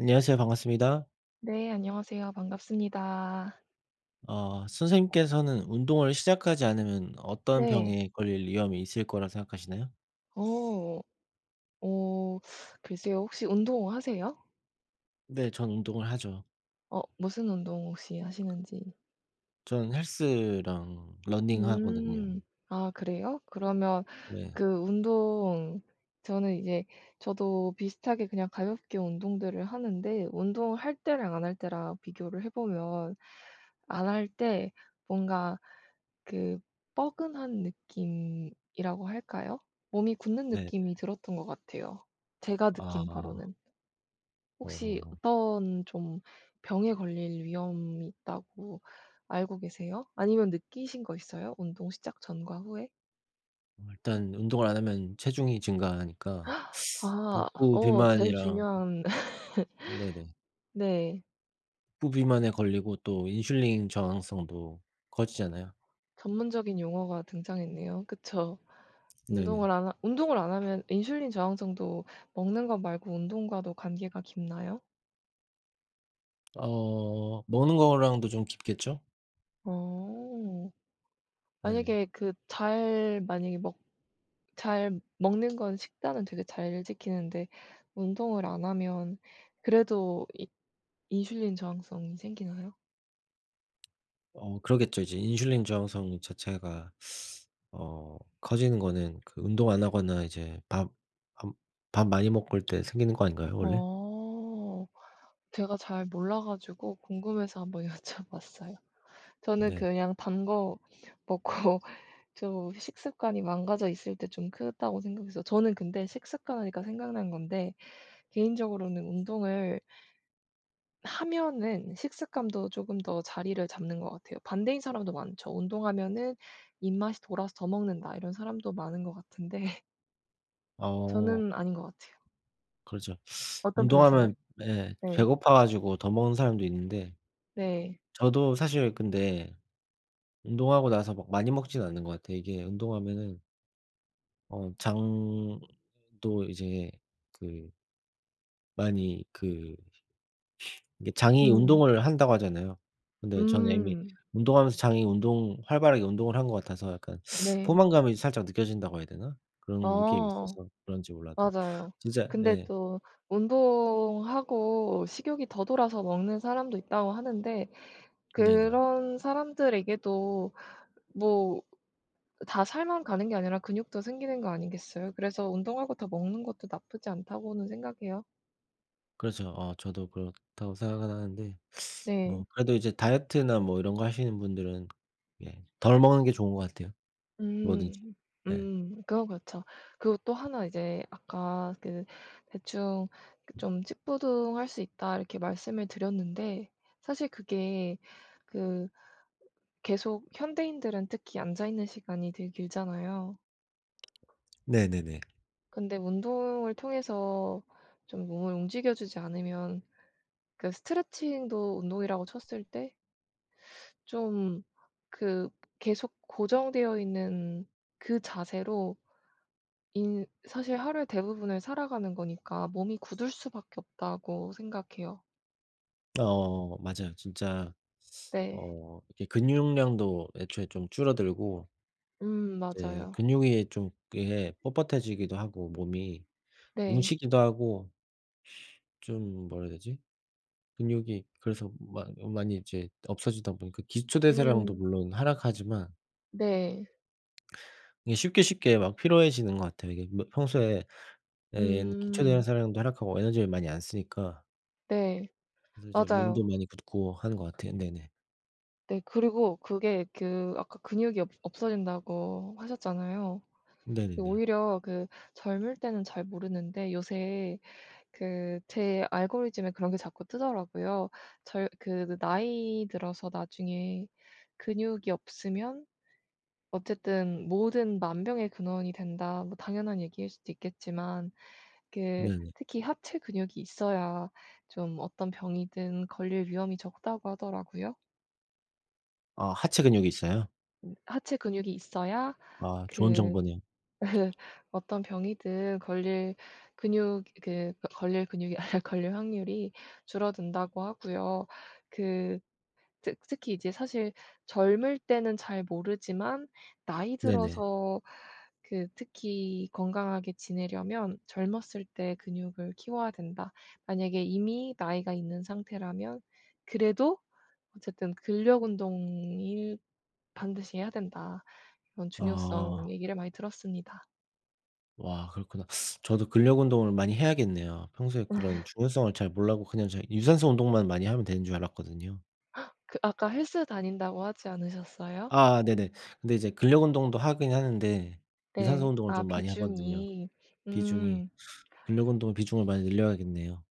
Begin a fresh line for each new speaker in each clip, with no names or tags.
안녕하세요? 반갑습니다.
네 안녕하세요. 반갑습니다.
어. 선생님께서는 운동을 시작하지 않으면 어떤
네.
병에 걸릴 위험이 있을 거라 생각하시나요?
오. 오. 글쎄요. 혹시 운동하세요?
네. 전 운동을 하죠.
어. 무슨 운동 혹시 하시는지?
전 헬스랑 러닝하거든요.
음. 아. 그래요? 그러면
네.
그 운동 저는 이제 저도 비슷하게 그냥 가볍게 운동들을 하는데 운동을 할 때랑 안 할 때랑 비교를 해 보면 안 할 때 뭔가 그 뻐근한 느낌이라고 할까요? 몸이 굳는
네.
느낌이 들었던 것 같아요 제가 느낀
아.
바로는. 혹시
어.
어떤 좀 병에 걸릴 위험이 있다고 알고 계세요? 아니면 느끼신 거 있어요? 운동 시작 전과 후에?
어 일단 운동을 안 하면 체중이 증가하니까
아.
복부
어 제일
비만이랑
중요한
네네.
네.
복부비만에 걸리고 또 인슐린 저항성도 커지잖아요.
전문적인 용어가 등장했네요. 그쵸.
네네.
운동을 안 하 운동을 안 하면 인슐린 저항성도 먹는 것 말고 운동과도 관계가 깊나요?
어 먹는 거랑도 좀 깊겠죠?
어.
네.
만약에 그 잘 만약에 먹 잘 먹는 건 식단은 되게 잘 지키는데 운동을 안 하면 그래도 이 인슐린 저항성이 생기나요?
어. 그러겠죠. 이제 인슐린 저항성 이 자체가 어 커지는 거는 그 운동 안 하거나 이제 밥 암 밥 많이 먹고 올 때 생기는 거 아닌가요 원래?
어. 제가 잘 몰라 가지고 궁금해서 한번 여쭤 봤어요. 저는
네네.
그냥 단 거 먹고 좀 식습관이 망가져 있을 때 좀 크다고 생각했어요. 저는 근데 "식습관." 하니까 생각난 건데 개인적으로는 운동을 하면은 식습관도 조금 더 자리를 잡는 것 같아요. 반대인 사람도 많죠. "운동하면은 입맛이 돌아서 더 먹는다." 이런 사람도 많은 것 같은데
아.
저는 아닌 것 같아요.
그죠.
어떤 편이세요?
운동하면 네.
네.
배고파 가지고 더 먹는 사람도 있는데
네.
저도 사실 근데 운동하고 나서 뭐 많이 먹지는 않는 것 같아요. 이게 운동하면은 어 장도 이제 그 많이 그 이게 "장이
음.
운동을 한다."고 하잖아요. 근데 저는 이미
음.
운동하면서 장이 운동 활발하게 운동을 한 것 같아서 약간
네.
"포만감이 살짝 느껴진다."고 해야 되나? 그런 느낌이
어.
있어서 그런지 몰라도
맞아요.
진짜
근데
네.
또 "운동하고 식욕이 더 돌아서 먹는 사람도 있다."고 하는데
네네.
그런 사람들에게도 뭐 다 살만 가는 게 아니라 근육도 생기는 거 아니겠어요? 그래서 '운동하고 더 먹는 것도 나쁘지 않다.'고는 생각해요.
그렇죠. 어 저도 그렇다고 생각은 하는데 어
네.
그래도 이제 다이어트나 뭐 이런 거 하시는 분들은 예. 덜 먹는 게 좋은 거 같아요 뭐든지.
음.
네.
음. 그건 그렇죠. 그리고 또 하나 이제 아까 그 대충 그 좀 "찌뿌둥할 수 있다." 이렇게 말씀을 드렸는데 사실 그게 그 계속 현대인들은 특히 앉아 있는 시간이 되게 길잖아요.
네네네.
근데 운동을 통해서 좀 몸을 움직여 주지 않으면 그 스트레칭도 운동이라고 쳤을 때 좀 그 계속 고정되어 있는 그 자세로 인 사실 하루의 대부분을 살아가는 거니까 '몸이 굳을 수밖에 없다.'고 생각해요.
어 뭐 맞아요. 진짜
네.
어 이렇게 근육량도 애초에 좀 줄어들고
음.
이제
맞아요.
근육이 좀 이게 뻣뻣해지기도 하고 몸이
네.
뭉치기도 하고 좀 뭐라 해야 되지? 근육이 그래서 많 많이 이제 없어지다 보니까 기초 대사량도
음.
물론 하락하지만
네.
이게 쉽게 쉽게 막 피로해지는 것 같아요. 이게 뭐 평소에 에는 기초
음.
대사량도 하락하고 에너지를 많이 안 쓰니까
네.
이제
맞아요.
몸도 많이 붓고 하는 것 같아요. 네네.
네 그리고 그게 그 아까 "근육이 없 없어진다."고 하셨잖아요.
네네네.
오히려 그 젊을 때는 잘 모르는데 요새 그 제 알고리즘에 그런 게 자꾸 뜨더라고요. 저 요 그 느 "나이 들어서 나중에 근육이 없으면 어쨌든 모든 만병의 근원이 된다." 뭐 당연한 얘기일 수도 있겠지만 그
네네.
특히 "하체 근육이 있어야 좀 어떤 병이든 걸릴 위험이 적다."고 하더라고요.
아 하체 근육 있어요?
음. "하체 근육이 있어야
아 좋은
그
정보네요.
어떤 병이든 걸릴 근육 그 걸릴 근육이 걸릴 확률이 줄어든다."고 하고요. 그 특 특히 이제 사실 젊을 때는 잘 모르지만 나이
네네.
들어서 그 특히 건강하게 지내려면 "젊었을 때 근육을 키워야 된다." 만약에 이미 나이가 있는 상태라면 그래도 어쨌든 "근력 운동이 반드시 해야 된다." 이런 중요성
아.
얘기를 많이 들었습니다.
와 그렇구나. 저도 근력운동을 많이 해야겠네요. 평소에 그런 중요성을 잘 몰라고 그냥 잘 유산소 운동만 많이 하면 되는 줄 알았거든요.
그 아까 "헬스 다닌다."고 하지 않으셨어요?
아 네네. 근데 이제 근력 운동도 하긴 하는데 유산소
네.
운동을
아
좀 많이 하거든요
비중이.
비중이.
음.
근력 운동을 비중을 많이 늘려야겠네요.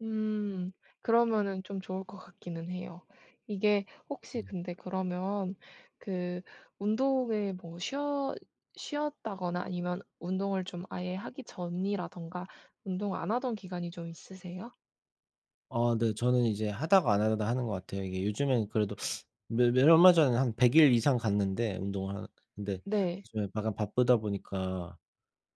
음. 그러면은 좀 좋을 것 같기는 해요. 이게 혹시
음.
근데 그러면 그 운동을 뭐 쉬어 쉬었다거나 아니면 운동을 좀 아예 하기 전이라든가 운동 안 하던 기간이 좀 있으세요?
아 네 저는 이제 하다가 안 하다가 하는 것 같아요. 이게 요즘에는 그래도 매 매 얼마 전에 한 100 일 이상 갔는데 운동을 하러 근데
네.
요즘에 약간 바쁘다 보니까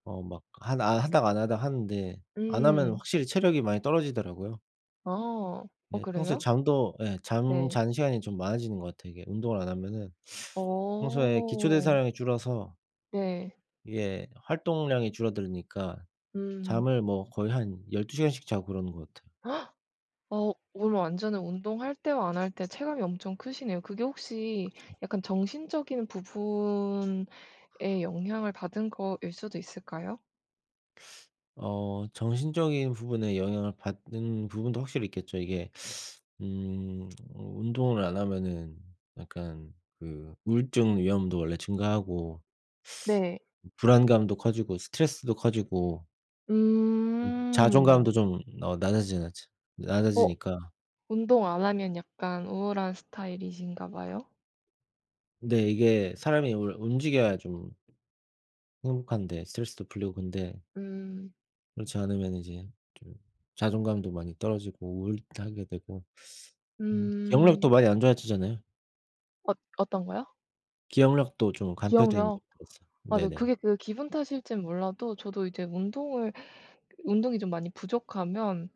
어 막 한 아 하다가 안 하다가 하는데 안 하면
음.
확실히 체력이 많이 떨어지더라고요.
아. 어
예. 평소에
그래요?
잠도 예. 잠
네.
자는 시간이 좀 많아지는 것 같아요 이게 운동을 안 하면은. 평소에 기초
오.
대사량이 줄어서
네.
이게 활동량이 줄어드니까
음.
잠을 뭐 거의 한 12 시간씩 자고 그러는 것 같아.
어 오늘 완전히 운동할 때와 안 할 때 체감이 엄청 크시네요. 그게 혹시
그죠.
약간 정신적인 부분에 영향을 받은 거일 수도 있을까요?
어. 정신적인 부분에 영향을 받는 부분도 확실히 있겠죠. 이게 음. 운동을 안 하면은 약간 그 우울증 위험도 원래 증가하고
네.
불안감도 커지고 스트레스도 커지고 음.
음.
자존감도 좀 어 낮아지나치
어?
낮아지니까
운동 안 하면 약간 우울한 스타일이신가 봐요?
네. 이게 사람이 원래 움직여야 좀 행복한데 스트레스도 풀리고 근데
음.
그렇지 않으면 이제 좀 자존감도 많이 떨어지고 우울도 하게 되고 음 기억력도
음.
많이 안 좋아지잖아요?
얻 어떤거요?
기억력도 좀 감퇴된
기억력.
듯해서.
맞아요.
네네.
그게 그 기분 탓일지는 몰라도 저도 이제 운동을 운동이 좀 많이 부족하면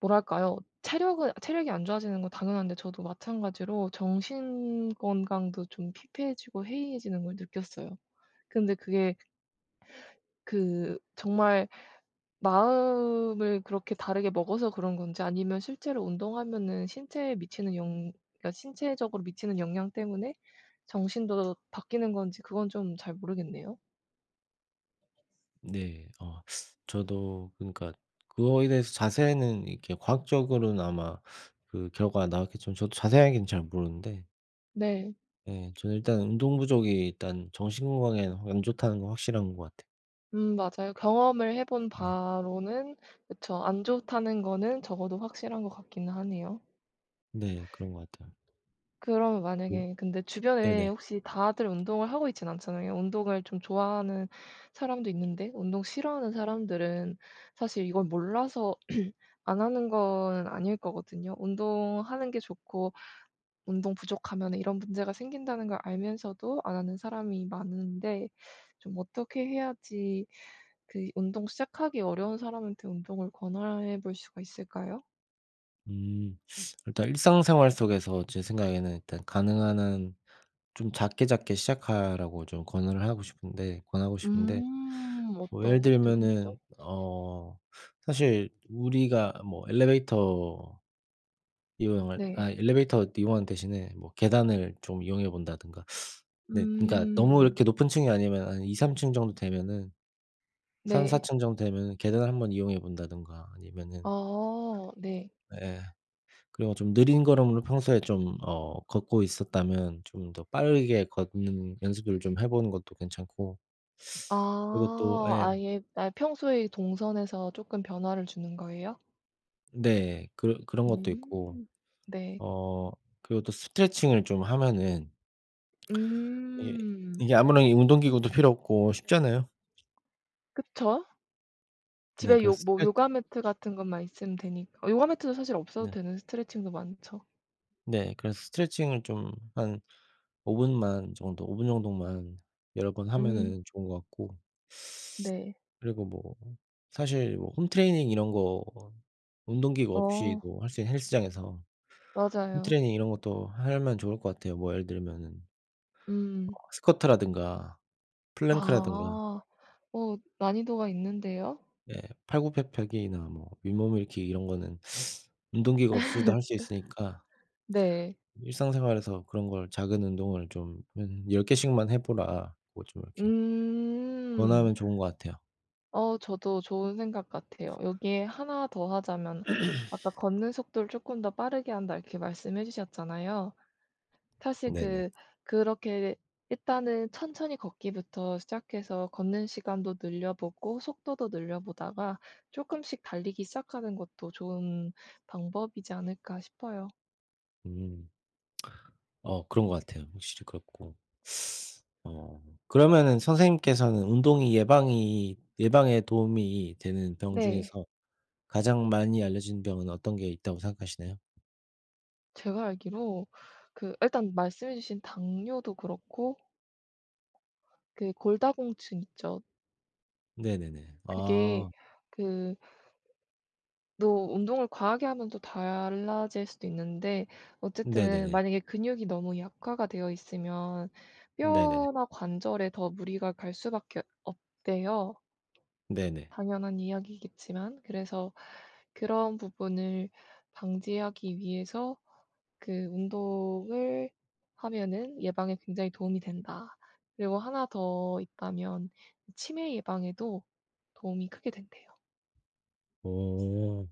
뭐랄까요? 체력은 체력이 안 좋아지는 건 당연한데 저도 마찬가지로 정신 건강도 좀 피폐해지고 해이해지는 걸 느꼈어요. 근데 그게 그 정말 마음을 그렇게 다르게 먹어서 그런 건지 아니면 실제로 운동하면은 신체에 미치는 영 그러니까 신체적으로 미치는 영향 때문에 정신도 바뀌는 건지 그건 좀 잘 모르겠네요.
네. 어 저도 그니까 그거에 대해서 자세히는 이렇게 과학적으로는 아마 그 결과가 나왔겠지만 저도 자세하게는 잘 모르는데
네.
예. 저는 일단 운동 부족이 일단 정신 건강에는 안 좋다는 건 확실한 것 같아.
음 맞아요 경험을 해 본
네.
바로는 그쵸 안 좋다는 거는 적어도 확실한 것 같긴 하네요.
네. 그런 것 같아요.
그러면
네.
만약에 근데 주변에
네네.
혹시 다들 운동을 하고 있지는 않잖아요. 운동을 좀 좋아하는 사람도 있는데 운동 싫어하는 사람들은 사실 이걸 몰라서 안 하는 거는 아닐 거거든요. 운동하는 게 좋고 '운동 부족하면 이런 문제가 생긴다.'는 걸 알면서도 안 하는 사람이 많은데 좀 어떻게 해야지 그 운동 시작하기 어려운 사람한테 운동을 권하 해 볼 수가 있을까요?
음. 일단 일상생활 속에서 제 생각에는 일단 가능한 한 좀 작게 작게 시작하라고 좀 권유를 하고 싶은데 권하고 싶은데,
음.
뭐 예를
어떤 것들이 있죠?
들면은 어 사실 우리가 뭐 엘리베이터 이용할
네.
아 엘리베이터 이용하는 대신에 뭐 계단을 좀 이용해 본다든가 네. 그러니까 너무
음.
이렇게 높은 층이 아니면 아니 2-3 층 정도 되면은 3-4
네.
층 정도 되면은 계단을 한번 이용해 본다든가 아니면은
어. 네.
예. 그리고 좀 느린 걸음으로 평소에 좀 어 걷고 있었다면 좀 더 빠르게 걷는 연습을 좀 해 보는 것도 괜찮고 그리고 또
아.
예.
아예 아예 평소의 동선에서 조금 변화를 주는 거예요?
네. 그런 그런 것도 있고
음. 네.
어 그리고 또 스트레칭을 좀 하면은 이게
음.
이게 아무런 이 운동기구도 필요 없고 쉽잖아요.
그쵸.
네.
집에 요
그래서
뭐
스트레
요가 매트 같은 것만 있으면 되니까 아 요가 매트도 사실 없어도
네.
되는 스트레칭도 많죠.
네. 그래서 스트레칭을 좀 한 5분만 정도 5 분 정도만 여러 번
음.
하면은 좋은 거 같고
네.
그리고 뭐 사실 뭐 홈트레이닝 이런 거 어 뭐 운동기구
어.
없이도 할 수 있는 헬스장에서
맞아요.
홈트레이닝 이런 것도 하면 좋을 것 같아요. 뭐 예를 들면은 어
음.
스쿼트라든가 플랭크라든가
아. 어. 난이도가 있는데요?
예. 팔굽혀펴기나 뭐 윗몸일으키기 이런 거는 운동기구가 없이도 할 수 있으니까
네.
일상생활에서 그런 걸 "작은 운동을 좀 한 10 개씩만 해 보라."고 좀 이렇게
음.
권하면 좋은 것 같아요.
어, 저도 좋은 생각 같아요. 여기에 1 더하자면 "아까 걷는 속도를 조금 더 빠르게 한다." 이렇게 말씀해 주셨잖아요. 사실
네네.
그 그렇게 일단은 천천히 걷기부터 시작해서 걷는 시간도 늘려보고 속도도 늘려보다가 조금씩 달리기 시작하는 것도 좋은 방법이지 않을까 싶어요.
음. 어 그런 것 같아요. 확실히 그렇고. 어. 그러면은 선생님께서는 운동이 예방이 예방에 도움이 되는 병
네.
중에서 가장 많이 알려진 병은 어떤 게 있다고 생각하시나요?
제가 알기로 그 일단 말씀해 주신 당뇨도 그렇고 그 골다공증 있죠.
네네네.
그게
아.
그 너 운동을 과하게 하면 또 달라질 수도 있는데 어쨌든
네네네.
만약에 근육이 너무 약화가 되어 있으면
네네네.
뼈나 관절에 더 무리가 갈 수밖에 없대요.
네네.
당연한 이야기겠지만 그래서 그런 부분을 방지하기 위해서 그 운동을 하면은 예방에 굉장히 도움이 된다. 그리고 1 더 있다면 치매 예방에도 도움이 크게 된대요.
오.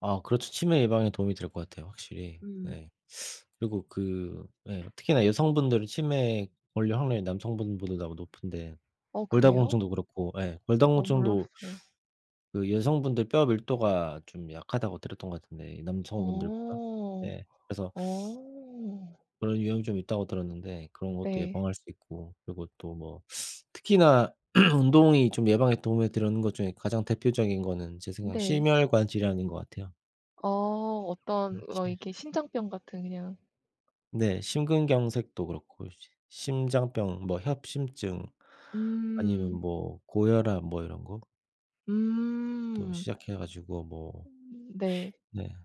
아. 그렇죠. 치매 예방에 도움이 될 것 같아요, 확실히.
음.
네. 그리고 그 예. 특히나 여성분들이 치매에 걸릴 확률이 남성분들보다 높은데
어 그래요?
골다공증도 그렇고 예.
어
골다공증도
몰랐어요.
그 여성분들 뼈 밀도가 좀 약하다고 들었던 것 같은데, 이 남성분들보다
어.
네. 그래서
어.
그런 위험이 좀 있다고 들었는데 그런 것도
네.
예방할 수 있고 그리고 또 뭐 특히나 운동이 좀 예방에 도움을 드렸는 것 중에 가장 대표적인 거는 제 생각엔
네.
심혈관질환인 것 같아요.
어. 어떤 뭐
그렇지.
이렇게 신장병 같은 그냥
네. 심근경색도 그렇고 심 심장병, 뭐 협심증, 아니면
음.
뭐 고혈압 뭐 이런 거부터
음.
시작해 가지고 뭐
음. 네.
네.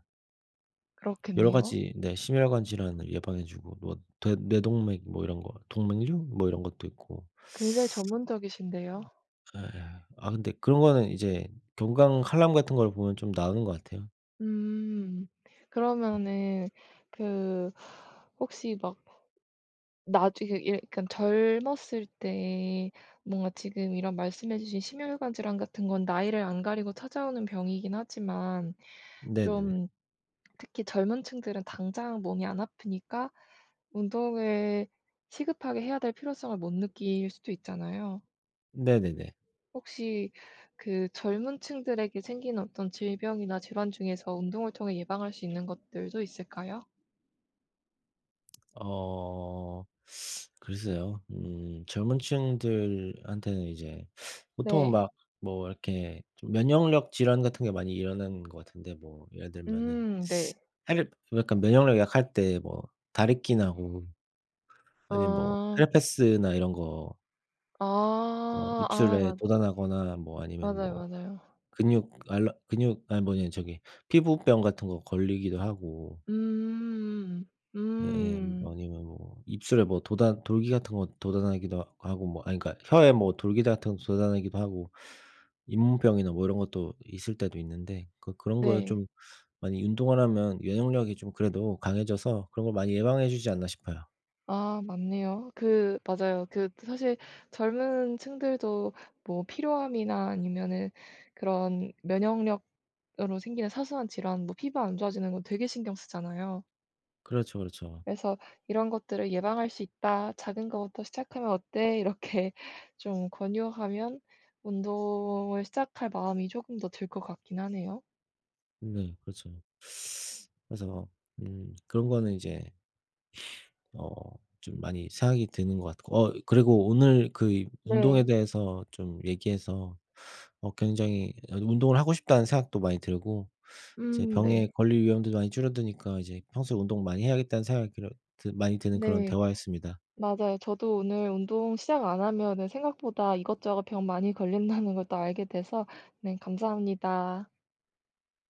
여러
그렇겠네요.
가지 네. 심혈관질환을 예방해 주고 뭐 대뇌동맥 뭐 이런 거 동맥류 뭐 이런 것도 있고
굉장히 전문적이신데요?
예. 예예. 아 근데 그런 거는 이제 건강 칼럼 같은 걸 보면 좀 나오는 것 같아요.
음. 그러면은 그 혹시 막 나중에 예 그러니까 젊었을 때 뭔가 지금 이런 말씀 해 주신 심혈관질환 같은 건 나이를 안 가리고 찾아오는 병이긴 하지만
네네네.
좀 특히 젊은 층들은 당장 몸이 안 아프니까 운동을 시급하게 해야 될 필요성을 못 느낄 수도 있잖아요.
네네네.
혹시 그 젊은 층들에게 생긴 어떤 질병이나 질환 중에서 운동을 통해 예방할 수 있는 것들도 있을까요?
어. 글쎄요. 음. 젊은 층들한테는 이제 보통은
네.
막 뭐 이렇게 좀 면역력 질환 같은 게 많이 일어나는 것 같은데 뭐 예를 들면은
음. 네.
사실 약간 면역력 약할 때 뭐 다래끼 나고 아니면 뭐
아.
헤르페스나 이런 거 어
아. 아.
입술에
맞아.
돋아나거나 뭐 아니면 뭐
맞아요. 맞아요.
근육 알러 근육 아니 뭐냐 저기 피부병 같은 거 걸리기도 하고
음음음.
예예.
음음음.
아니면 뭐 입술에 뭐 돋아 돌기 같은 거 돋아나기도 하고 뭐 아니 그러니까 혀에 뭐 돌기 같은 거 돋아나기도 하고 잇몸병이나 뭐 이런 것도 있을 때도 있는데 그 그런 거를
네.
좀 많이 운동을 하면 면역력이 좀 그래도 강해져서 그런 걸 많이 예방해 주지 않나 싶어요.
아. 맞네요. 그 맞아요. 그 사실 젊은 층들도 뭐 피로함이나 아니면은 그런 면역력으로 생기는 사소한 질환 뭐 피부가 안 좋아지는 거 되게 신경 쓰잖아요.
그렇죠. 그렇죠.
그래서 "이런 것들을 예방할 수 있다. 작은 것부터 시작하면 어때?" 이렇게 좀 권유하면 운동을 시작할 마음이 조금 더 들 것 같긴 하네요.
네. 그렇죠. 그래서 음. 그런 거는 이제 어 좀 많이 생각이 드는 것 같고. 어 그리고 오늘 그 이 운동에
네.
대해서 좀 얘기해서 어 굉장히 이 아 운동을 하고 싶다는 생각도 많이 들고 이제
음. 네.
병에 걸릴 위험도 많이 줄어드니까 이제 평소에 운동 많이 해야겠다는 생각이 그런 드 많이 드는 그런
네.
대화였습니다.
맞아요. 저도 오늘 운동 시작 안 하면은 생각보다 이것저것 병 많이 걸린다는 걸 또 알게 돼서, 네. 감사합니다.